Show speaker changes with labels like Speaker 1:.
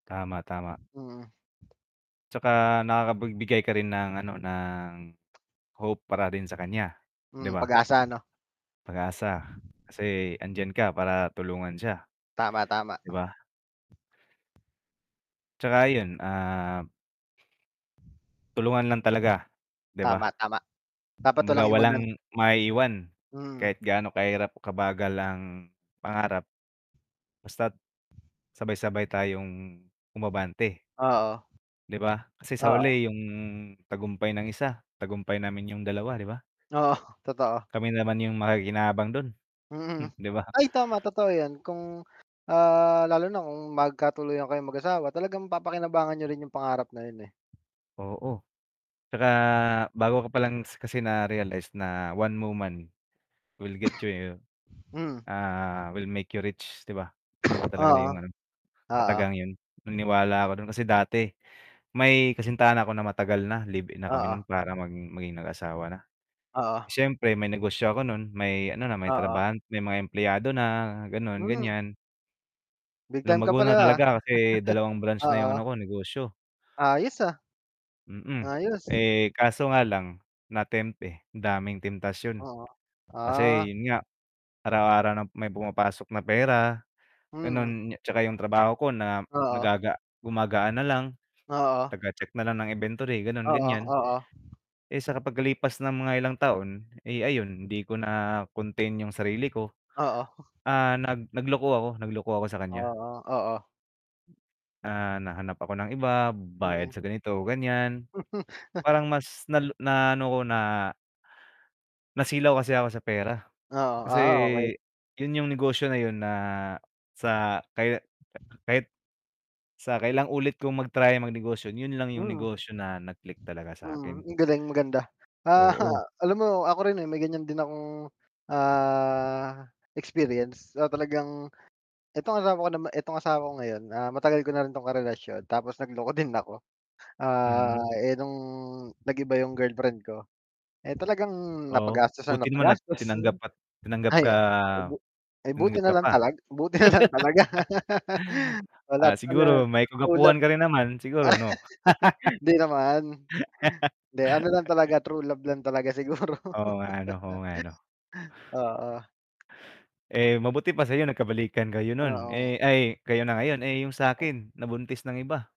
Speaker 1: Tama, tama.
Speaker 2: Mm.
Speaker 1: 'Tsaka, nakakabigbigay ka rin ng ano, ng hope para rin sa kan'ya, 'di
Speaker 2: Hmm,
Speaker 1: ba?
Speaker 2: pag-asa, 'no?
Speaker 1: Pag-asa, kasi 'andiyan ka para tulungan siya,
Speaker 2: Tama, tama.
Speaker 1: 'di ba? 'Tsaka 'yun, ah Tulungan lang talaga, 'di ba?
Speaker 2: Tama, tama. Dapat
Speaker 1: Kumbaga,
Speaker 2: walang
Speaker 1: walang
Speaker 2: iwanan.
Speaker 1: maiiwan kahit
Speaker 2: Mm.
Speaker 1: gaano kahirap, kabagal, ang pangarap. Basta't, sabay-sabay tayong umabante
Speaker 2: Oo.
Speaker 1: 'Di ba, kasi sa
Speaker 2: Oo.
Speaker 1: huli yung tagumpay ng isa, tagumpay namin yung dalawa 'di ba?
Speaker 2: Oo, totoo.
Speaker 1: Kami naman yung makikinabang dun,
Speaker 2: Mhm,
Speaker 1: 'di ba?
Speaker 2: ay, tama totoo 'yon, kung, ah, lalo na kung magkatuluyan kayong mag-asawa, talagang papakinabangan niyo rin yung pangarap na 'yun, eh.
Speaker 1: Oo, 'tsaka bago ka pa lang s kasi narealize na, one woman will get you,
Speaker 2: Mm.
Speaker 1: ah, will make you rich, 'di ba? 'Yun talaga yung
Speaker 2: Oo.
Speaker 1: ano, katagang
Speaker 2: Oo.
Speaker 1: 'yun, naniniwala ako dun kasi dati may kasintahan na 'ko na matagal na, live in na kami
Speaker 2: Oo.
Speaker 1: nun, para mang maging mag-asawa na.
Speaker 2: Oo.
Speaker 1: S'yempre, may negosyo ako nun, may ano na, may
Speaker 2: Oo.
Speaker 1: trabahan may mga empleyado na, gano'n,
Speaker 2: Hmm.
Speaker 1: gan'yan.
Speaker 2: Big time ka
Speaker 1: Lumago na
Speaker 2: pala ha,
Speaker 1: talaga kasi 2 branch na 'yung ano
Speaker 2: oo.
Speaker 1: ko, negosyo.
Speaker 2: Ayos, ah.
Speaker 1: Mm,
Speaker 2: Ayos.
Speaker 1: eh, kaso nga lang na-tempt, eh. Daming temptasyon,
Speaker 2: Oo,
Speaker 1: kasi
Speaker 2: ah.
Speaker 1: 'yun nga, araw-araw na may pumapasok na pera,
Speaker 2: Mm.
Speaker 1: ganun, 'tsaka yung trabaho ko na
Speaker 2: Oo.
Speaker 1: nagaga gumagaan na lang,
Speaker 2: Oo.
Speaker 1: taga-check na lang ng inventory ganun,
Speaker 2: Oo,
Speaker 1: gan'yan.
Speaker 2: oo.
Speaker 1: Eh, sa pag-kalipas ng mga ilang taon, eh, ayun, 'di ko na contain yung sarili ko,
Speaker 2: Oo.
Speaker 1: ah, nag nagloko ako, nagloko ako sa kan'ya.
Speaker 2: Oo, oo.
Speaker 1: Ah, nahanap ako ng iba, bayad
Speaker 2: Mm.
Speaker 1: sa ganito, gan'yan. Parang mas nalo na ano ko, na nasilaw kasi ako sa pera,
Speaker 2: Oo,
Speaker 1: kasi,
Speaker 2: ah, okay.
Speaker 1: 'yun yung negosyo na 'yun na sa, kaya k kahit, sa kailang ulit kong mag-try, magnegosyo 'yun lang 'yung
Speaker 2: Mm.
Speaker 1: negosyo na nag click talaga sa
Speaker 2: Mm,
Speaker 1: 'kin.
Speaker 2: ang galing, maganda, ah,
Speaker 1: Oo.
Speaker 2: alam mo, ako rin, eh, may gan'yan din akong, ah, experience, ah, talagang itong asawa ko nama itong asawa ko ngayon, ah, matagal ko na rin 'tong karelasyon, tapos nagloko din ako,
Speaker 1: Mm.
Speaker 2: ah, eh, nung nag-iba yung girlfriend ko, eh, talagang
Speaker 1: Oo,
Speaker 2: napa-gastos ng
Speaker 1: buti naman at
Speaker 2: napa-gastos,
Speaker 1: tinanggap at tinanggap
Speaker 2: ay
Speaker 1: ka
Speaker 2: bu buti
Speaker 1: tinanggap
Speaker 2: na
Speaker 1: ka
Speaker 2: lang
Speaker 1: pa?
Speaker 2: tala buti na lang talaga wala,
Speaker 1: Ah,
Speaker 2: ano,
Speaker 1: siguro may
Speaker 2: true love.
Speaker 1: ka-gwapuhan ka rin naman, siguro, 'no?
Speaker 2: hindi naman, hindi, ano lang talaga, true love lang talaga siguro
Speaker 1: Oo nga, 'no. Oo nga, 'no.
Speaker 2: oo.
Speaker 1: Eh, mabuti pa sa'yo nagkabalikan kayo nun,
Speaker 2: Oo.
Speaker 1: eh, ay kayo na ngayon, eh, yung sa'kin nabuntis ng iba.